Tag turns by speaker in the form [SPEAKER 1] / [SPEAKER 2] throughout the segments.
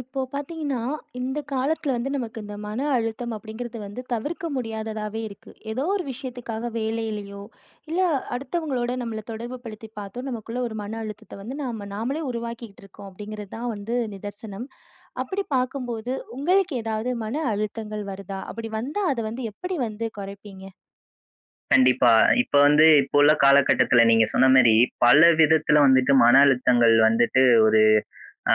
[SPEAKER 1] இப்போ பார்த்தீங்கன்னா, இந்த காலத்தில வந்து நமக்கு இந்த மன அழுத்தம் அப்படிங்கிறது வந்து தவிர்க்க முடியாததாவே இருக்கு. ஏதோ ஒரு விஷயத்துக்காக வேலையிலையோ, இல்ல அடுத்தவங்களோட நம்மள தொடர்பு படுத்தி பார்த்தோ, நமக்குள்ள ஒரு மன அழுத்தத்தை வந்து நாம நாமளே உருவாக்கிக்கிட்டு இருக்கோம் அப்படிங்கிறது தான் வந்து நிதர்சனம். அப்படி பார்க்கும்போது உங்களுக்கு ஏதாவது மன அழுத்தங்கள் வருதா? அப்படி வந்தா அதை வந்து எப்படி வந்து குறைப்பீங்க?
[SPEAKER 2] கண்டிப்பா. இப்ப வந்து இப்ப உள்ள காலகட்டத்துல நீங்க சொன்ன மாரி, பல விதத்துல வந்துட்டு மன அழுத்தங்கள் வந்துட்டு ஒரு அ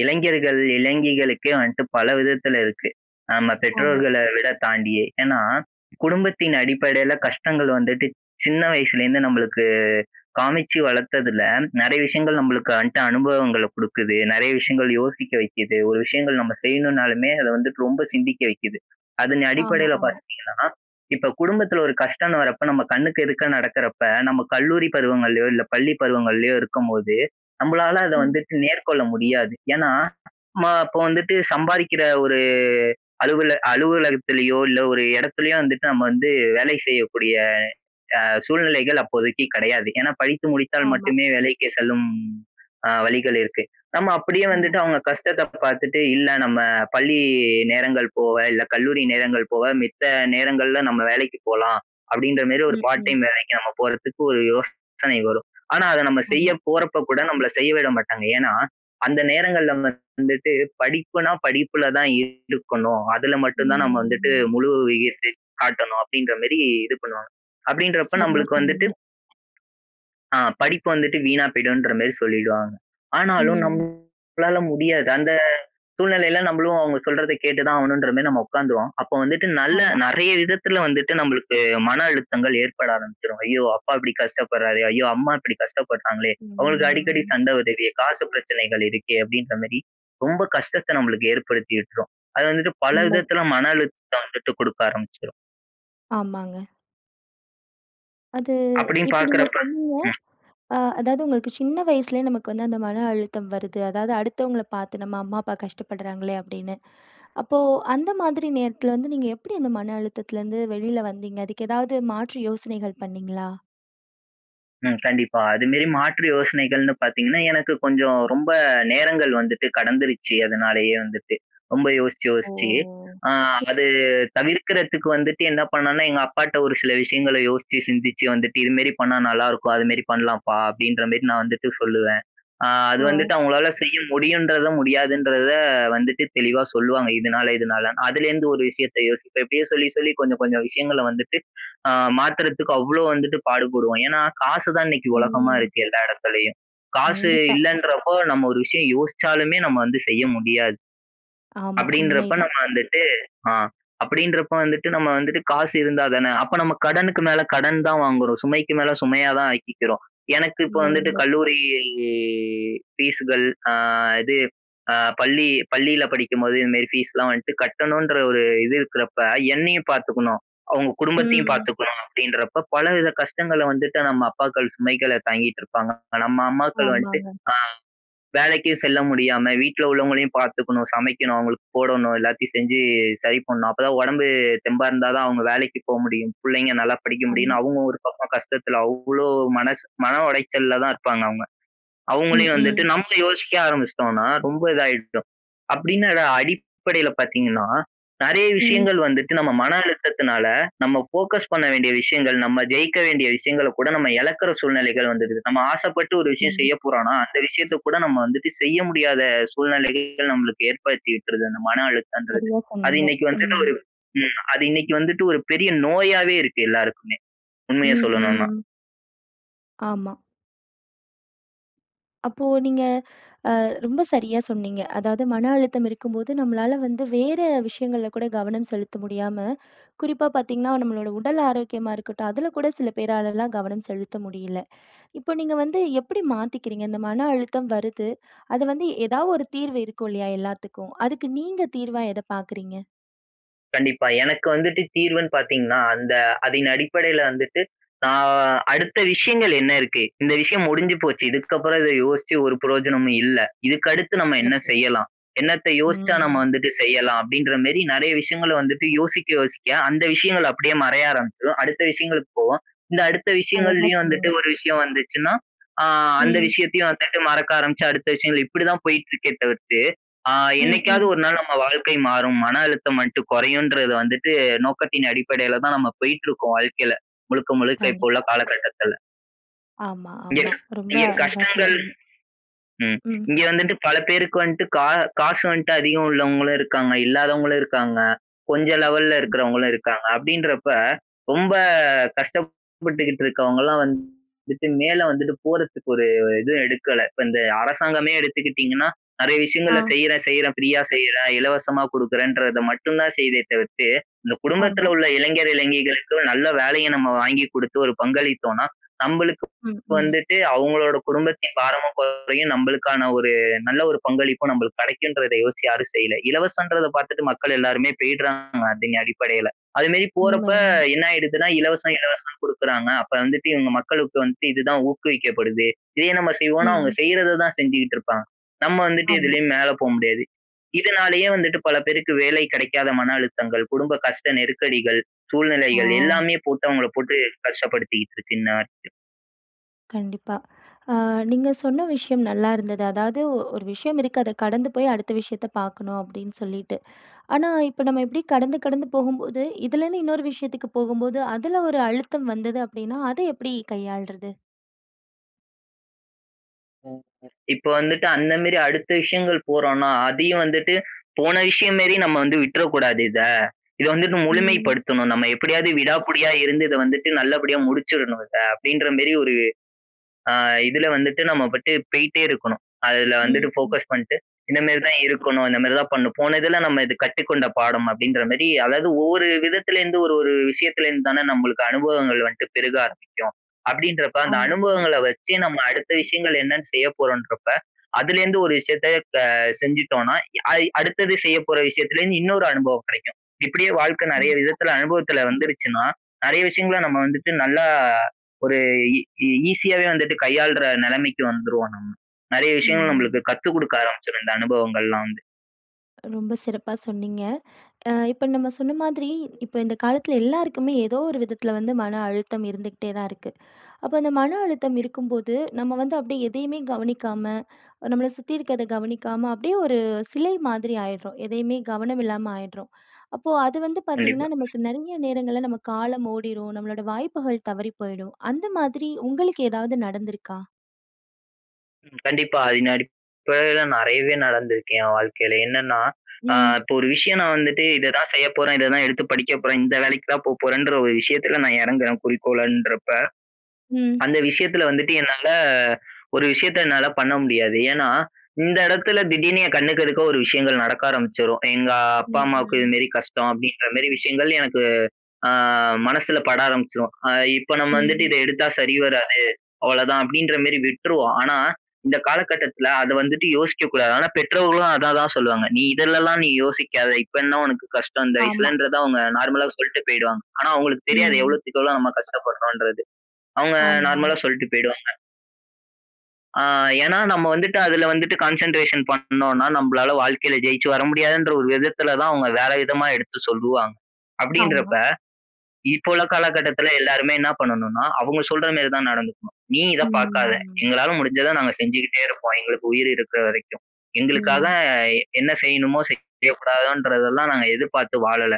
[SPEAKER 2] இளைஞர்கள் இளைஞிகளுக்கே வந்துட்டு பல விதத்துல இருக்கு. நம்ம
[SPEAKER 1] ஆமா.
[SPEAKER 2] பெற்றோர்களை விட தாண்டியே. ஏன்னா, குடும்பத்தின் அடிப்படையில கஷ்டங்கள் வந்துட்டு சின்ன வயசுலேருந்து நம்பளுக்கு காமிச்சு வளர்த்ததுல நெறைய விஷயங்கள் நம்பளுக்கு வந்துட்டு அனுபவங்கள குடுக்குது. நெறைய விஷயங்கள் யோசிக்க வைக்குது. ஒரு விஷயங்கள் நம்ம செய்யணும்னாலுமே அத வந்துட்டு ரொம்ப சிந்திக்க வைக்குது. அதன்
[SPEAKER 1] ஆமா,
[SPEAKER 2] அடிப்படையில
[SPEAKER 1] ஆமா.
[SPEAKER 2] பாத்தீங்கன்னா இப்ப குடும்பத்துல ஒரு கஷ்டம்ன்னு வரப்ப நம்ம கண்ணுக்கு எதிர்க்க நடக்குறப்ப, நம்ம கல்லூரி பருவங்கள்ளயோ இல்ல, பள்ளி பருவங்கள்ளயோ இருக்கும்போது நம்மளால அத
[SPEAKER 1] ம்.
[SPEAKER 2] வந்துட்டு மேற்கொள்ள முடியாது. ஏன்னா நம்ம அப்ப வந்துட்டு சம்பாரிக்கிற ஒரு அலுவல அலுவலகத்திலயோ இல்ல ஒரு இடத்துலையோ வந்துட்டு நம்ம வந்து வேலை செய்யக்கூடிய அ சூழ்நிலைகள் அப்போதைக்கு கெடையாது. ஏன்னா படித்து முடித்தால்
[SPEAKER 1] ஆமா.
[SPEAKER 2] மட்டுமே வேலைக்கு செல்லும் அ வழிகள் இருக்கு. நம்ம அப்படியே
[SPEAKER 1] ஆமா.
[SPEAKER 2] வந்துட்டு அவங்க கஷ்டத்த பாத்துட்டு, இல்ல நம்ம பள்ளி நேரங்கள் போக இல்ல கல்லூரி நேரங்கள் போக மித்த நேரங்கள்ல நம்ம வேலைக்கு போலாம், அப்படின்ற மாரி ஒரு
[SPEAKER 1] ம்.
[SPEAKER 2] பார்ட்
[SPEAKER 1] ம்.
[SPEAKER 2] டைம் வேலைக்கு நம்ம போறத்துக்கு ஒரு யோசனை வரும். ஆனா அத நம்ம செய்ய
[SPEAKER 1] ஆமா.
[SPEAKER 2] போறப்ப கூட நம்பள செய்ய விட மாட்டாங்க. ஏன்னா, அந்த நேரங்கள்ல வந்துட்டு படிப்புனா படிப்புல தான் இருக்கணும். அதுல மட்டும் தான் நம்ம வந்துட்டு
[SPEAKER 1] ம்.
[SPEAKER 2] முழு [unintelligible] காட்டணும். அப்படின்ற மாரி இது பண்ணுவாங்க. அப்படீன்றப்ப
[SPEAKER 1] சரியா
[SPEAKER 2] நம்பளுக்கு வந்துட்டு
[SPEAKER 1] சொன்னீங்க.
[SPEAKER 2] ஆ. படிப்பு வந்துட்டு வீணா போயிடுன்ற மாரி சொல்லிடுவாங்க. ஆனாலும்
[SPEAKER 1] ம்.
[SPEAKER 2] நம்மளால முடியாது. அந்த சூழ்நிலையில நம்பளும் அவுங்க சொல்றத கேட்டு தான் ஆகணும்ன்ற மாரி நம்ம உட்கார்ந்துருவோம். அப்போ வந்துட்டு நல்ல
[SPEAKER 1] ஆமா.
[SPEAKER 2] நெறைய விதத்துல வந்துட்டு நம்பளுக்கு மன அழுத்தங்கள் ஏற்பட ஆரம்பிச்சுரும். ஐயோ! அப்பா இப்படி கஷ்டப்படுறாரே. ஐய்யோ! அம்மா இப்படி கஷ்டப்படுறாங்களே அவங்களுக்கு அடிக்கடி
[SPEAKER 1] ம்.
[SPEAKER 2] சண்டை வருதே காசு பிரச்சனைகள் இருக்கே. அப்படின்ற மாரி. ரொம்ப கஷ்டத்த நம்மளுக்கு ஏற்படுத்தி விட்டுரும். அது வந்துட்டு பல
[SPEAKER 1] உண்மை.
[SPEAKER 2] விதத்துல மன அழுத்தத்தை வந்துட்டு குடுக்க ஆரம்பிச்சுரும்.
[SPEAKER 1] ஆமாங்க. அது
[SPEAKER 2] அப்பிடின்னு
[SPEAKER 1] இப்ப நீங்க
[SPEAKER 2] பார்க்கிறப்ப
[SPEAKER 1] சொன்னீங்க,
[SPEAKER 2] ம்
[SPEAKER 1] அ அதாவது உங்களுக்கு சின்ன வயசுலே நமக்கு அந்த மன அழுத்தம் வருது, அதாவது அடுத்தவுங்கள பாத்து, "நம்ம அம்மா அப்பா கஷ்டப்படுறாங்களே!" அப்பிடின்னு. அப்போ அந்தமாதிரி நேரத்துல வந்து நீங்க எப்பிடி அந்த மன அழுத்தத்துலருந்து வெளில வந்தீங்க? அதுக்கு ஏதாவது மாற்று யோசனைகள் பண்ணீங்களா?
[SPEAKER 2] ம். கண்டிப்பா. அதுமாரி மாற்று யோசனைகள்ன்னு பாத்தீங்கன்னா, எனக்கு கொஞ்சம் ரொம்ப நேரங்கள் வந்துட்டு கடந்துருச்சு. அதனாலயே வந்துட்டு. ரொம்ப யோசிச்சு,
[SPEAKER 1] ஓ,
[SPEAKER 2] யோசிச்சு.
[SPEAKER 1] ஓ!
[SPEAKER 2] அ
[SPEAKER 1] சே
[SPEAKER 2] அது தவிர்க்கிறதுக்கு வந்துட்டு என்ன பண்ணான்னா, எங்க அப்பாட்ட ஒரு சில விஷயங்கள யோசிச்சு சிந்திச்சு வந்துட்டு இதுமாரி பண்ணா நல்லா இருக்கும், அதுமாரி பண்ணலாம்ப்பா! அப்பிடின்றமாரி நான் வந்துட்டு சொல்லுவேன். ஆ அது
[SPEAKER 1] ஓ!
[SPEAKER 2] வந்துட்டு அவுங்களால செய்ய முடியும்ன்றத, முடியாதுன்றத வந்துட்டு தெளிவா சொல்லுவாங்க. இதுனால இதுனாலன்னு. அதுல இருந்து ஒரு விஷயத்த யோசிப்பேன். இப்பிடியே சொல்லி, சொல்லி கொஞ்சம் கொஞ்சம் விஷயங்கள வந்துட்டு அ மாத்துறதுக்கு அவ்ளோ வந்துட்டு பாடுபடுவோம். ஏன்னா, காசு தான் இன்னக்கி உலகமா
[SPEAKER 1] ம்.
[SPEAKER 2] இருக்கு எல்லா இடத்துலயும். காசு
[SPEAKER 1] கண்டிப்பா.
[SPEAKER 2] இல்லன்றப்போ நம்ம ஒரு விஷயம் யோசிச்சாலுமே நம்ம வந்து செய்ய முடியாது.
[SPEAKER 1] ஆமா,
[SPEAKER 2] அப்பிடின்றப்ப
[SPEAKER 1] உண்மைதான்.
[SPEAKER 2] நம்ம வந்துட்டு, அ அப்பிடின்றப்ப வந்துட்டு நம்ம வந்துட்டு காசு இருந்தா தானே? அப்ப நம்ம கடனுக்கு மேல கடன் தான் வாங்குறோம், சுமைக்கு மேல சுமையா தான் ஆக்கிக்கிறோம். எனக்கு இப்ப
[SPEAKER 1] உண்மை,
[SPEAKER 2] வந்துட்டு
[SPEAKER 1] உண்மை.
[SPEAKER 2] கல்லூரி ஃபீஸ்கள், அ இது அ பள்ளி பள்ளியில படிக்கும் போது இந்தமாரி ஃபீஸ்லாம் வந்துட்டு கட்டணுன்ற ஒரு இது இருக்குறப்ப என்னையும் பாத்துக்கணும், அவுங்க குடும்பத்தையும்
[SPEAKER 1] ம்.
[SPEAKER 2] பாத்துக்கணும் அப்பிடின்றப்ப பலவித கஷ்டங்கள வந்துட்டு நம்ம அப்பாக்கள் சுமைகள தாங்கிட்டுருப்பாங்க. நம்ம அம்மாக்கள் வந்ட்டு
[SPEAKER 1] ஆமாங்க.
[SPEAKER 2] அ வேலைக்கி செல்ல முடியாம வீட்ல உள்ளவங்களையும் பாத்துக்கணும், சமைக்கணும், அவுங்களுக்கு போடணும், எல்லாத்தையும் செஞ்சு சரி பண்ணனும். அப்பதான் உடம்பு தெம்பா இருந்தாதான் அவுங்க வேலைக்கு போ முடியும், புள்ளைங்க நல்லா படிக்க
[SPEAKER 1] ஆமா.
[SPEAKER 2] முடியுன்னு அவுங்க ஒரு பக்கம் கஷ்டத்துல, அவ்ளோ மனச மன உடைச்சல்ல தான் இருப்பாங்க அவுங்க.
[SPEAKER 1] ம்,
[SPEAKER 2] அவுங்களையும் வந்துட்டு
[SPEAKER 1] ம்.
[SPEAKER 2] நம்ம யோசிக்க ஆரம்பிச்சுட்டோன்னா, ரொம்ப இதாயிட்டும். அப்பிடின்னு அத அடிப்படையில பாத்தீங்கன்னா, நிறைய
[SPEAKER 1] ம்.
[SPEAKER 2] விஷயங்கள் வந்துட்டு நம்ம மன அழுத்தத்துனால, நம்ம ஃபோக்கஸ் பண்ண வேண்டிய விஷயங்கள், நம்ம ஜெயிக்க வேண்டிய விஷயங்களகூட நம்ம இழக்குற சூழ்நிலைகள் வந்துருது. நம்ம ஆசப்பட்டு ஒரு விஷயம் செய்ய
[SPEAKER 1] கண்டிப்பா.
[SPEAKER 2] போறோன்னா, அந்த விஷயத்தக் கூட நம்ம வந்து செய்ய முடியாத சூழ்நிலைகள் நம்மளுக்கு ஏற்படுத்தி இருக்கிறது அந்த மன அழுத்தம்ன்றது.
[SPEAKER 1] சரியா
[SPEAKER 2] அது
[SPEAKER 1] சொன்னீங்க.
[SPEAKER 2] இன்னக்கி வந்துட்டு
[SPEAKER 1] ம்.
[SPEAKER 2] ஒரு ம் அது இன்னிக்கு வந்துட்டு ஒரு பெரிய நோயாவே இருக்கு எல்லாருக்குமே! உண்மைய
[SPEAKER 1] ம்,
[SPEAKER 2] சொல்லணுன்னா.
[SPEAKER 1] ம். ஆமா. அப்போ நீங்க அ ரொம்ப சரியா சொன்னீங்க. அதாவது மன அழுத்தம் இருக்கும்போது நம்மளால வந்து வேற விஷயங்கள்ல கூட கவனம் செலுத்த முடியாம, குறிப்பா பாத்தீங்கன்னா நம்மளோட உடல் ஆரோக்கியமா இருக்கட்டும், அதுல கூட சில பேராலலாம் கவனம் செலுத்த முடியல. இப்போ நீங்க வந்து எப்பிடி மாத்திக்கிறீங்க? இந்த மன அழுத்தம் வருது, அத வந்து எதாவது 1 தீர்வு இருக்கும் இல்லயா! எல்லாத்துக்கும். அதுக்கு நீங்க தீர்வா எத பாக்குறீங்க?
[SPEAKER 2] கண்டிப்பா. எனக்கு வந்துட்டு தீர்வுனு பாத்தீங்கன்னா, அந்த அதனடிப்படையில வந்துட்டு நான் அடுத்த விஷயங்கள் என்ன இருக்கு? இந்த விஷயம் முடிஞ்சு போச்சு, இதுக்கப்பறம் இத யோசிச்சு ஒரு பிரயோஜனமும் இல்ல. இதுக்கடுத்து நம்ம என்ன
[SPEAKER 1] சிறப்பு.
[SPEAKER 2] செய்யலாம்? என்னத்த யோசிச்சா நம்ம
[SPEAKER 1] ம்.
[SPEAKER 2] வந்துட்டு செய்யலாம் அப்பிடின்றமாரி நிறைய விஷயங்கள வந்துட்டு யோசிக்க, யோசிக்க அந்த விஷயங்கள் அப்பிடியே மறைய ஆரம்பிச்சிரும். அடுத்த விஷயங்களுக்கு போவோம். இந்த அடுத்த
[SPEAKER 1] அழகா
[SPEAKER 2] விஷயங்கள்லயும் வந்துட்டு
[SPEAKER 1] சொன்னீங்க.
[SPEAKER 2] ஒரு விஷயம் வந்துச்சுன்னா, அ அந்த
[SPEAKER 1] ம்.
[SPEAKER 2] விஷயத்தையும் வந்துட்டு மறக்க ஆரமிச்சு அடுத்த விஷயங்கள், இப்பிடித்தான் போயிட்ருக்கே தவிர்த்து, அ
[SPEAKER 1] ம்,
[SPEAKER 2] என்னைக்காவது
[SPEAKER 1] ம்.
[SPEAKER 2] ஒருநாள் நம்ம வாழ்க்கை மாறும் மன அழுத்தம் மட்டும் குறையும்ன்றது வந்துட்டு நோக்கத்தின் அடிப்படையில தான் நம்ம போயிட்டு இருக்கோம் வாழ்க்கையில. முழுக்க, முழுக்க இப்ப உள்ள
[SPEAKER 1] கண்டிப்பா.
[SPEAKER 2] காலகட்டத்துல.
[SPEAKER 1] ஆமா,
[SPEAKER 2] இங்க,
[SPEAKER 1] ஆமா. ரொம்ப
[SPEAKER 2] இங்க
[SPEAKER 1] அழகா
[SPEAKER 2] கஷ்டங்கள்
[SPEAKER 1] சொல்றீங்க.
[SPEAKER 2] ம்.
[SPEAKER 1] ம்.
[SPEAKER 2] இங்க வந்துட்டு பல பேருக்கு வந்துட்டு கா காசு வந்துட்டு அதிகம் உள்ளவங்களும் இருக்காங்க. இல்லாதவங்களும் இருக்காங்க. கொஞ்சம் லெவல்‌ல இருக்கறவுங்களும் இருக்காங்க. அப்பிடின்றப்ப ரொம்ப கஷ்டப்பட்டுக்கிட்டு இருக்கவுங்கலாம் வந்துட்டு மேல வந்துட்டு போறத்துக்கு ஒரு இது எடுக்கல. இப்ப இந்த அரசாங்கமே எடுத்துக்கிட்டீங்கன்னா நெறைய விஷயங்களை
[SPEAKER 1] ஆ.
[SPEAKER 2] செய்றேன், செய்றேன், ஃப்ரீயா செய்யிறேன். இலவசமா குடுக்குறேன்றத மட்டும் தான் செய்யுதே தவிர்த்து, இந்த குடும்பத்தில
[SPEAKER 1] ஆமா.
[SPEAKER 2] உள்ள இளைஞர் இளைஞிகளுக்கும் நல்ல வேலைய நம்ம வாங்கி குடுத்து ஒரு பங்களித்தோன்னா நம்பளுக்கு
[SPEAKER 1] ம். ம்.
[SPEAKER 2] வந்துட்டு அவுங்களோட குடும்பத்தின் பாரமும் குறையும். நம்பளுக்கான ஒரு நல்ல ஒரு பங்களிப்பும் நம்பளுக்கு கெடைக்கும்ன்றத யோசிச்சு யாரும் செய்யல. இலவசம்ன்றத பாத்துட்டு மக்கள் எல்லாருமே போயிட்றாங்க அதன் அடிப்படையில. அதுமாரி
[SPEAKER 1] உண்ம,
[SPEAKER 2] போறப்ப
[SPEAKER 1] உண்ம.
[SPEAKER 2] என்ன ஆயிடுதுனா இலவசம், இலவசம் குடுக்குறாங்க அப்ப வந்துட்டு இவுங்க மக்களுக்கு வந்துட்டு இதுதான் ஊக்குவிக்கப்படுது. இதே நம்ம செய்வோன்னு அவுங்க
[SPEAKER 1] ம்.
[SPEAKER 2] செய்றத தான் செஞ்சுகிட்டு இருப்பாங்க. நம்ம வந்துட்டு
[SPEAKER 1] ஆமா.
[SPEAKER 2] எதுலயும் மேல போமுடியாது. இதுனாலயே வந்துட்டு பல பேருக்கு வேலை கிடைக்காத மன அழுத்தங்கள், குடும்ப கஷ்ட நெருக்கடிகள்,
[SPEAKER 1] ஆ.
[SPEAKER 2] சூழ்நிலைகள் எல்லாமே போட்டு அவுங்கள போட்டு கஷ்டப்படுத்திக்கிட்டு இருக்குன்னு நான். [unintelligible]
[SPEAKER 1] கண்டிப்பா. ஆ நீங்க சொன்ன விஷயம் நல்லா இருந்தது. அதாவது ஒரு விஷயம் இருக்கு அத கடந்து போய் அடுத்த விஷயத்த பார்க்கணும், அப்பிடின்னு சொல்லிட்டு. ஆனா, இப்ப நம்ம இப்பிடி கடந்து, கடந்து போகும்போது இதிலேருந்து இன்னொரு விஷயத்துக்கு போகும்போது அதுல ஒரு அழுத்தம் வந்தது அப்பிடின்னா, அதை எப்பிடி கையாள்றது?
[SPEAKER 2] [unintelligible] இப்ப வந்துட்டு அந்தமேரி அடுத்த விஷயங்கள் போறோன்னா, அதையும் வந்துட்டு போன விஷயம்மேரி நம்ம வந்து விட்டுற கூடாது இத. இத வந்துட்டு முழுமை
[SPEAKER 1] ம்.
[SPEAKER 2] படுத்தணும், நம்ம எப்பிடியாவது விடாப்புடியா இருந்து இத வந்துட்டு நல்லபடியா முடிச்சுர்ணும் இத, அப்பிடின்றமாரி ஒரு ஆ இதுல வந்துட்டு நம்மபாட்டு போயிட்டே இருக்கணும். அதுல வந்துட்டு
[SPEAKER 1] ம், ம்.
[SPEAKER 2] ஃபோகஸ் பண்ட்டு இந்தமாரி தான் இருக்கணும். இந்தமாரி தான் பண்ணணும் போன இதுல நம்ம இது கற்றுக்கொண்ட பாடம் அப்பிடின்றமாரி அதாவது ஒவ்வொரு விதத்துல இருந்து ஒரு ஒரு விஷயத்துல இருந்து தானே நம்மளுக்கு அனுபவங்கள் வந்துட்டு பெருக ஆரம்பிக்கும். அப்பிடின்றப்ப அந்த
[SPEAKER 1] ஆமா,
[SPEAKER 2] அனுபவங்கள்ல
[SPEAKER 1] கண்டிப்பா.
[SPEAKER 2] வச்சு நம்ம அடுத்த விஷயங்கள் என்னன்னு செய்ய போறோம்ன்றப்ப அதுலேருந்து ஒரு விஷயத்த த செஞ்சுட்டோன்னா ஐ அடுத்தது செய்யப்போற விஷயத்துல இருந்து இன்னொரு அனுபவம் கிடைக்கும். இப்பிடியே வாழ்க்க நெறைய
[SPEAKER 1] கண்டிப்பா.
[SPEAKER 2] விதத்துல அனுபவத்துல வந்துருச்சுனா, நிறைய விஷயங்கள நம்ம வந்துட்டு நல்லா ஒரு ஈ ஈசியாவே வந்துட்டு கையாளுற நிலைமைக்கு வந்துருவோம் நம்ம. நிறைய விஷயங்கள்
[SPEAKER 1] ம்,
[SPEAKER 2] நம்மளுக்கு
[SPEAKER 1] ம்.
[SPEAKER 2] கத்து குடுக்க ஆரம்பிச்சுரும், இந்த அனுபவங்கள்லாம் வந்து.
[SPEAKER 1] ரொம்ப சிறப்பா சொன்னீங்க. அ இப்ப நம்ம சொன்ன மாதிரி, இப்ப இந்த காலத்தில எல்லாருக்குமே ஏதோ ஒரு விதத்தில வந்து மன அழுத்தம் இருந்துகிட்டே தான் இருக்கு. அப்போ அந்த மன அழுத்தம் இருக்கும்போது, நம்ம வந்து அப்படியே எதையுமே கவனிக்காம, நம்மள சுத்தி இருக்கத கவனிக்காம அப்படியே ஒரு சிலை மாதிரி ஆயிடுறோம். எதையுமே கவனம் இல்லாம ஆயிடுறோம். அப்போ அது வந்து பார்த்தீங்கன்னா,
[SPEAKER 2] கண்டிப்பா.
[SPEAKER 1] நமக்கு நெறைய நேரங்கள்ல நம்ம காலம் ஓடிரும், நம்மளோட வாய்ப்புகள் தவறி போயிடும். அந்த மாதிரி உங்களுக்கு ஏதாவது நடந்துருக்கா?
[SPEAKER 2] ம். கண்டிப்பா. அதின் அடிப்படையில நெறையவே நடந்துருக்கு என் வாழ்க்கையில. என்னன்னா, அ
[SPEAKER 1] ம்.
[SPEAKER 2] இப்ப ஒரு விஷயம் நா வந்துட்டு இத தான் செய்ய போறேன், இத தான் எடுத்து படிக்க போறேன், இந்த வேலைக்கு தான் போ போறேன்ற ஒரு விஷயத்துல நா இறங்குறேன் குறிக்கோளன்றப்ப,
[SPEAKER 1] ம்.
[SPEAKER 2] அந்த விஷயத்துல வந்துட்டு என்னால ஒரு விஷயத்த என்னால பண்ண முடியாது. ஏன்னா, இந்த இடத்துல திடீர்ன்னு என் கண்ணுக்கு எதுக்க ஒரு விஷயங்கள் நடக்க ஆரம்பிச்சிரும். "எங்க அப்பா,
[SPEAKER 1] ம்.
[SPEAKER 2] அம்மாவுக்கு
[SPEAKER 1] ம்.
[SPEAKER 2] இதுமாரி கஷ்டம்." அப்படீன்றமாரி விஷயங்கள் எனக்கு அ மனசுல பட ஆரம்பிச்சிரும். "அ இப்ப நம்ம வந்துட்டு
[SPEAKER 1] ம்.
[SPEAKER 2] இத எடுத்தா சரி வராது, அவ்வளோதான்." அப்படீன்றமாரி விட்டுருவோம். ஆனா, இந்த காலகட்டத்துல அத வந்துட்டு யோசிக்க கூடாது. ஆனா, பெற்றோர்களும் அத தான் சொல்லுவாங்க. நீ இதுலல்லாம் நீ யோசிக்காத. இப்ப என்ன உனக்கு கஷ்டம்? இந்த
[SPEAKER 1] ஆமா.
[SPEAKER 2] வயசுலன்றத அவுங்க நார்மலா சொல்ட்டு போயிடுவாங்க. ஆனா, அவுங்களுக்கு தெரியாது
[SPEAKER 1] ம்.
[SPEAKER 2] எவ்வளோத்துக்கு எவ்வளோ நம்ம கஷ்டப்படுறோம்ன்றது. அவுங்க
[SPEAKER 1] ஆமா,
[SPEAKER 2] நார்மலா
[SPEAKER 1] ஆமா.
[SPEAKER 2] சொல்ட்டு போயிடுவாங்க. அ ஏன்னா நம்ம வந்துட்டு, அது வந்துட்டு கான்சென்ட்ரேஷன் பண்ணோன்னா, நம்பளால வாழ்க்கையில ஜெயிச்சு வர முடியாதுன்ற ஒரு விதத்தில தான், அவுங்க வேற விதமா எடுத்து சொல்லுவாங்க.
[SPEAKER 1] ஆமா.
[SPEAKER 2] அப்பிடின்றப்ப, இப்போ உள்ள காலக்கட்டத்தில எல்லாருமே என்ன பண்ணனுன்னா, அவுங்க சொல்றமாரி தான் நடந்துக்கணும். நீ இத பார்க்காத,
[SPEAKER 1] ம்.
[SPEAKER 2] எங்களால முடிஞ்சத நாங்க செஞ்சுகிட்டே இருப்போம். எங்களுக்கு உயிர் இருக்கிற வரைக்கும். எங்களுக்காக
[SPEAKER 1] ம்.
[SPEAKER 2] என்ன செய்யணுமோ செய்யக்கூடாதோன்றதெல்லாம் நாங்க எதிர்பார்த்து வாழல.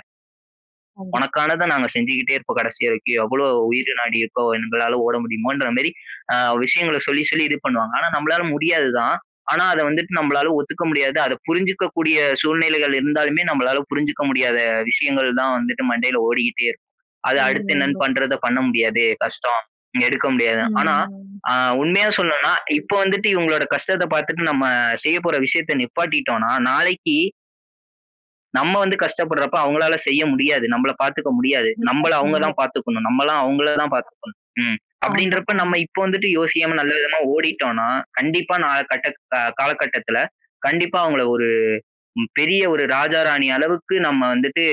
[SPEAKER 1] கண்டிப்பா.
[SPEAKER 2] உனக்கானத நாங்க செஞ்சுகிட்டே இருப்போம் கடைசி வரைக்கும். எவ்ளோ உயிர் நாடி இருக்கோ! எங்களால ஓட முடியுமோன்றமாரி அ விஷயங்கள சொல்லி, சொல்லி இது பண்ணுவாங்க. ஆனா, நம்பளால முடியாது தான். ஆனா அத வந்துட்டு நம்பளால ஒத்துக்க முடியாது. அத புரிஞ்சுக்க கூடிய சூழ்நிலைகள் இருந்தாலுமே நம்பளால புரிஞ்சுக்க முடியாத விஷயங்கள் தான் வந்துட்டு மண்டையில ஓடிகிட்டே இருக்கும். அது
[SPEAKER 1] உண்ம,
[SPEAKER 2] அடுத்து என்ன
[SPEAKER 1] உண்ம.
[SPEAKER 2] பண்றத பண்ண முடியாதே! கஷ்டம், இனி எடுக்க முடியாது. ஆனா
[SPEAKER 1] ம்.
[SPEAKER 2] ஆ உண்மையா சொல்லனுன்னா, இப்ப வந்துட்டு இவுங்களோட கஷ்டத்த பாத்துட்டு நம்ம செய்ய போற விஷயத்த நிப்பாட்டிட்டோன்னா நாளைக்கி நம்ம வந்து கஷ்டப்படுறப்ப அவுங்களால செய்ய முடியாது. நம்பள பாத்துக்க முடியாது.
[SPEAKER 1] சிறப்பா
[SPEAKER 2] நம்பள அவுங்க
[SPEAKER 1] சொன்னீங்க.
[SPEAKER 2] தான் பாத்துக்கணும், நம்மலாம் அவுங்களதான் பாத்துக்கணும். ம்.
[SPEAKER 1] ஆமா,
[SPEAKER 2] அப்பிடின்றப்ப
[SPEAKER 1] ஆமா.
[SPEAKER 2] நம்ம இப்போ வந்துட்டு யோசிக்காம நல்ல விதமா ஓடிட்டோன்னா, கண்டிப்பா நாள கட்டத் காலகட்டத்துல, கண்டிப்பா அவுங்கள ஒரு பெரிய ஒரு ராஜா, ராணி அளவுக்கு நம்ம வந்துட்டு,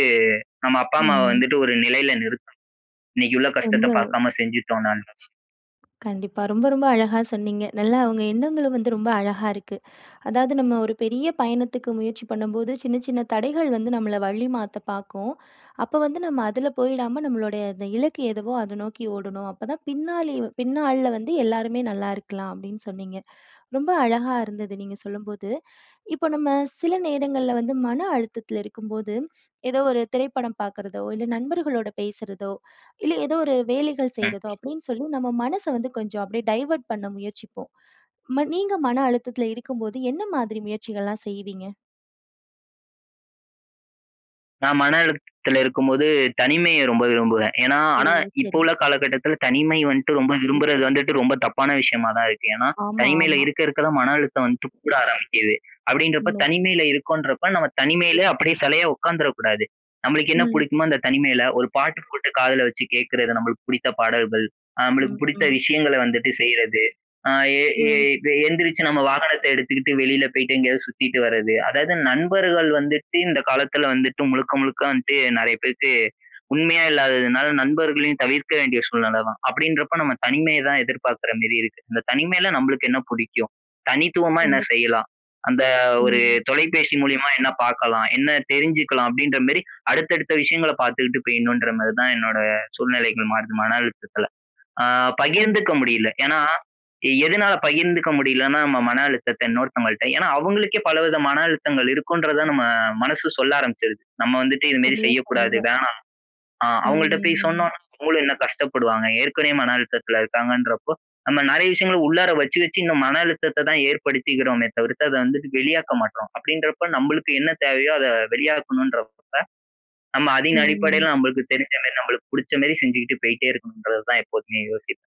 [SPEAKER 2] நம்ம அப்பா அம்மாவ
[SPEAKER 1] ம்.
[SPEAKER 2] வந்துட்டு ஒரு நிலையில நிறுத்தணும். இன்னைக்கு உள்ள கஷ்டத்த
[SPEAKER 1] வந்து
[SPEAKER 2] பார்க்காம செஞ்சுட்டோன்னா நெனச்சு.
[SPEAKER 1] கண்டிப்பா. ரொம்ப, ரொம்ப அழகா சொன்னீங்க. நல்லா உங்க எண்ணங்களும் வந்து ரொம்ப அழகா இருக்கு. அதாவது, "நம்ம ஒரு பெரிய பயணத்துக்கு முயற்சி பண்ணும்போது, சின்ன, சின்ன தடைகள் வந்து நம்மள வழி மாத்த பாக்கும். அப்ப வந்து நம்ம அதுல போய்டாம, நம்மளுடைய அந்த இலக்கு எதுவோ, அத நோக்கி ஓடணும். அப்ப தான் பின்னாளி பின்னாள்ல வந்து எல்லாருமே நல்லா இருக்கலாம்." அப்படீன்னு சொன்னீங்க. ரொம்ப அழகா இருந்தது நீங்க சொல்லும்போது. இப்ப நம்ம சில நேரங்கள்ல வந்து மன அழுத்தத்துல இருக்கும்போது, "ஏதோ ஒரு திரைப்படம் பாக்குறதோ, இல்ல நண்பர்களோட பேசுறதோ, இல்ல ஏதோ ஒரு வேலைகள்
[SPEAKER 2] ம்.
[SPEAKER 1] செய்றதோ" அப்படீன்னு சொல்லி, நம்ம மனச வந்து கொஞ்சம் அப்படியே டைவர்ட் பண்ண முயற்சிப்போம். ம நீங்க மன அழுத்தத்துல இருக்கும்போது, என்ன மாதிரி முயற்சிகள்லாம் செய்வீங்க?
[SPEAKER 2] நான் மன அழுத்தத்துல இருக்கும் போது, தனிமைய ரொம்ப விரும்புவேன். ஏன்னா
[SPEAKER 1] ஓ,
[SPEAKER 2] ஆனா இப்ப
[SPEAKER 1] சரி.
[SPEAKER 2] உள்ள காலகட்டத்தில, தனிமை வன்ட்டு ரொம்ப விரும்புறது வந்துட்டு ரொம்ப தப்பான விஷயமா தான் இருக்கு. ஏன்னா,
[SPEAKER 1] ஆமா,
[SPEAKER 2] தனிமையில
[SPEAKER 1] ஆமா.
[SPEAKER 2] இருக்க, இருக்க தான் மன அழுத்தம் வந்துட்டு கூட ஆரம்பிக்குது. அப்படீன்றப்ப,
[SPEAKER 1] உண்மை.
[SPEAKER 2] தனிமையில இருக்கோன்றப்ப நம்ம தனிமையில அப்படியே செலையா உட்காந்துற கூடாது. நம்மளுக்கு என்ன
[SPEAKER 1] ம்.
[SPEAKER 2] புடிக்குமோ அந்த தனிமையில, ஒரு பாட்டு போட்டு காதுல வச்சு கேக்குறது நம்பளுக்கு புடித்த பாடல்கள். அ நம்பளுக்கு
[SPEAKER 1] ம்,
[SPEAKER 2] புடித்த
[SPEAKER 1] ம்.
[SPEAKER 2] விஷயங்கள வந்துட்டு செய்றது. அ எ எ
[SPEAKER 1] ம்.
[SPEAKER 2] எந்திரிச்சு நம்ம வாகனத்தை எடுத்துகிட்டு வெளியில போய்ட்டு, எங்கயாவது சுத்திட்டு வரது. அதாவது நண்பர்கள் வந்துட்டு இந்த காலத்துல வந்துட்டு முழுக்க, முழுக்க வந்துட்டு நெறைய பேருக்கு உண்மையா இல்லாததுனால, நண்பர்களையும் தவிர்க்க வேண்டிய சூழ்நிலை தான். அப்படீன்றப்ப, நம்ம தனிமைய தான் எதிர்பாக்கற மாரி இருக்கு. "இந்த தனிமைல நம்பளுக்கு என்ன புடிக்கும்? தனித்துவமா என்ன
[SPEAKER 1] கண்டிப்பா.
[SPEAKER 2] செய்யலாம்? அந்த ஒரு
[SPEAKER 1] ம்.
[SPEAKER 2] தொலைபேசி மூலியமா என்ன பாக்கலாம்? என்ன தெரிஞ்சுக்கலாம்?" அப்படீன்ற மாரி அடுத்த, அடுத்த விஷயங்கள பாத்துகிட்டு போயிடணும்ன்ற மாரி தான், என்னோட சூழ்நிலைகள் மாறுது மன அழுத்தத்தில. அ
[SPEAKER 1] கண்டி
[SPEAKER 2] பகிர்ந்துக்க முடியல. ஏன்னா எதுனால பகிர்ந்துக்க முடியலன்னா, நம்ம மன அழுத்தத்த இன்னொருத்தவங்கள்ட்ட, ஏன்னா அவுங்களுக்கே பலவித மன அழுத்தங்கள் இருக்குன்றத
[SPEAKER 1] [unintelligible]
[SPEAKER 2] நம்ம மனசு சொல்ல ஆரம்பிச்சுருது. நம்ம வந்துட்டு இது மாரி
[SPEAKER 1] சரியா
[SPEAKER 2] செய்யக்கூடாது,
[SPEAKER 1] சொன்னீங்க.
[SPEAKER 2] வேணாம். ஆ அவுங்கள்ட்ட போய்
[SPEAKER 1] ம்.
[SPEAKER 2] சொன்னோம்ன்னா, அவுங்களும் இன்னும் கஷ்டப்படுவாங்க. ஏற்கனவே மன அழுத்தத்தில இருக்காங்கன்றப்போ, நம்ம நெறைய விஷயங்கள உள்ளார வச்சு, வச்சு இந்த மன அழுத்தத்த தான் ஏற்படுத்திகிறோமே தவிர்த்து, அத வந்துட்டு வெளியாக்க மாட்றோம். அப்படீன்றப்போ, நம்பளுக்கு என்ன தேவையோ அதை வெளியாக்கணுன்றப்ப, நம்ம அதின்
[SPEAKER 1] ம்.
[SPEAKER 2] அடிப்படையில நம்பளுக்கு தெரிஞ்ச மாரி, நம்பளுக்கு புடிச்ச மாரி செஞ்சுகிட்டு போயிட்டே இருக்கணுன்றது தான் எப்போதுமே யோசிப்பேன்.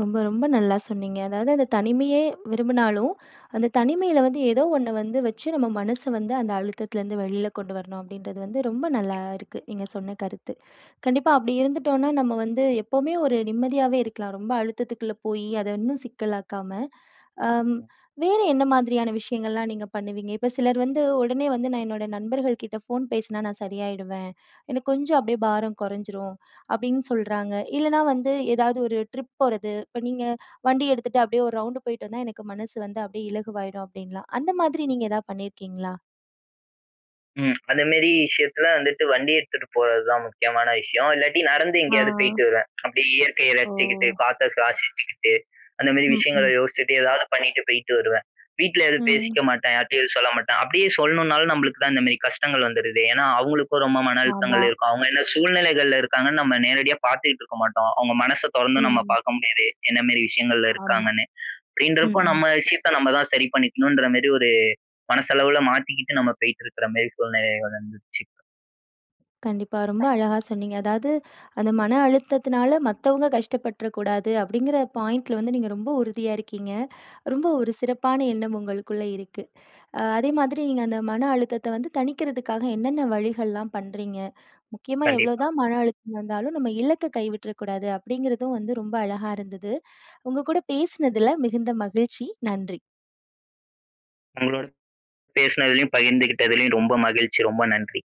[SPEAKER 1] ரொம்ப ரொம்ப நல்லா சொன்னீங்க. அதாவது அந்த தனிமையே விரும்புனாலும், அந்த தனிமையில வந்து ஏதோ 1 வந்து வச்சு நம்ம மனச வந்து அந்த அழுத்தத்திலருந்து வெளில கொண்டு வரணும் அப்பிடின்றது வந்து ரொம்ப நல்லா
[SPEAKER 2] எ
[SPEAKER 1] இருக்கு, நீங்க சொன்ன கருத்து. கண்டிப்பா அப்பிடி இருந்துட்டோன்னா நம்ம வந்து எப்பவுமே ஒரு நிம்மதியாவே இருக்கலாம். ரொம்ப அழுத்தத்துக்குள்ள போய் அத இன்னும் சிக்கலாக்காம, அம்
[SPEAKER 2] ம்.
[SPEAKER 1] வேற என்ன மாதிரியான விஷயங்கள்லாம் நீங்க பண்ணுவீங்க? இப்ப சிலர் வந்து, "உடனே வந்து நான் என்னோட நண்பர்கள்கிட்ட ஃபோன் பேசினா நான் சரியாயிடுவேன். எனக்கு கொஞ்சம் அப்பிடியே பாரம் குறைஞ்சிரும்." அப்பிடின்னு சொல்றாங்க. இல்லன்னா, வந்து ஏதாவது ஒரு ட்ரிப் போறது. இப்ப நீங்க, "வண்டி எடுத்துட்டு அப்பிடியே 1 ரவுண்டு போயிட்டு வந்தா எனக்கு மனசு வந்து அப்பிடியே இலகுவாயிடும்." அப்பிடின்லாம். அந்த மாதிரி நீங்க எதா பண்ணியிருக்கீங்களா?
[SPEAKER 2] ம். அந்தமாரி விஷயத்துல வந்துட்டு வண்டி எடுத்துட்டு போறதுதான் முக்கியமான விஷயம். இல்லாட்டி நடந்து
[SPEAKER 1] ஆ.
[SPEAKER 2] எங்கயாவது போயிட்டு வருவேன். அப்பிடியே இயற்கைய
[SPEAKER 1] ஓ!
[SPEAKER 2] ரசிச்சுக்கிட்டு, காத்த சுவாசிக்கிட்டு, அந்தமாரி
[SPEAKER 1] ம்,
[SPEAKER 2] விஷயங்கள
[SPEAKER 1] ம்.
[SPEAKER 2] யோசிச்சுட்டு எதாவது பண்ணிட்டு போயிட்டு வருவேன். வீட்ல எதுவும்
[SPEAKER 1] ம்.
[SPEAKER 2] பேசிக்க மாட்டேன். யார்ட்டயும் எதுவும் சொல்ல மாட்டேன். அப்பிடியே சொல்லணும்னாலும் நம்மளுக்கு தான் இந்தமாரி கஷ்டங்கள் வந்துருதே! ஏன்னா, அவுங்களுக்கும் ரொம்ப மன
[SPEAKER 1] ஆமா.
[SPEAKER 2] அழுத்தங்கள் இருக்கும். அவுங்க என்ன சூழ்நிலைகள்ல இருக்காங்கன்னு நம்ம நேரடியா பாத்துட்டு இருக்க மாட்டோம். அவுங்க மனச தொறந்து நம்ம
[SPEAKER 1] ம்.
[SPEAKER 2] பாக்க முடியாது. என்னமாரி விஷயங்கள்ல
[SPEAKER 1] ஆமா,
[SPEAKER 2] இருக்காங்கன்னு,
[SPEAKER 1] ம்,
[SPEAKER 2] அப்பிடின்றப்போ
[SPEAKER 1] ம்.
[SPEAKER 2] நம்ம விஷயத்த நம்ம தான் சரி பண்ணிக்கணும்ன்றமாரி ஒரு மனசளவுல மாத்திக்கிட்டு நம்ம போயிட்டு இருக்கிற மாரி சூழ்நிலைகள் வந்துச்சு.
[SPEAKER 1] கண்டிப்பா. ரொம்ப அழகா சொன்னீங்க. அதாவது "அந்த மன அழுத்தத்தினால மத்தவங்க கஷ்டப்பட்டுறக் கூடாது." அப்பிடிங்கிற பாயிண்ட்ல வந்து நீங்க ரொம்ப உறுதிய இருக்கீங்க. ரொம்ப ஒரு சிறப்பான எண்ணம் உங்களுக்குள்ளே இருக்கு. அ அதே மாதிரி நீங்க அந்த மன அழுத்தத்த வந்து தணிக்கிறதுக்காக என்னன்ன வழிகள்லாம் பண்றீங்க? முக்கியமா
[SPEAKER 2] கண்டிப்பா.
[SPEAKER 1] எவ்ளோதான் மன அழுத்தம் இருந்தாலும், நம்ம இலக்க கைவிட்றக்கூடாது. அப்பிடிங்கிறதும் வந்து ரொம்ப அழகா இருந்தது. உங்ககூட பேசினதில மிகுந்த மகிழ்ச்சி. நன்றி.
[SPEAKER 2] உங்களோட பேசினதிலயும், பகிர்ந்துகிட்டதுலயும் ரொம்ப மகிழ்ச்சி. ரொம்ப நன்றி.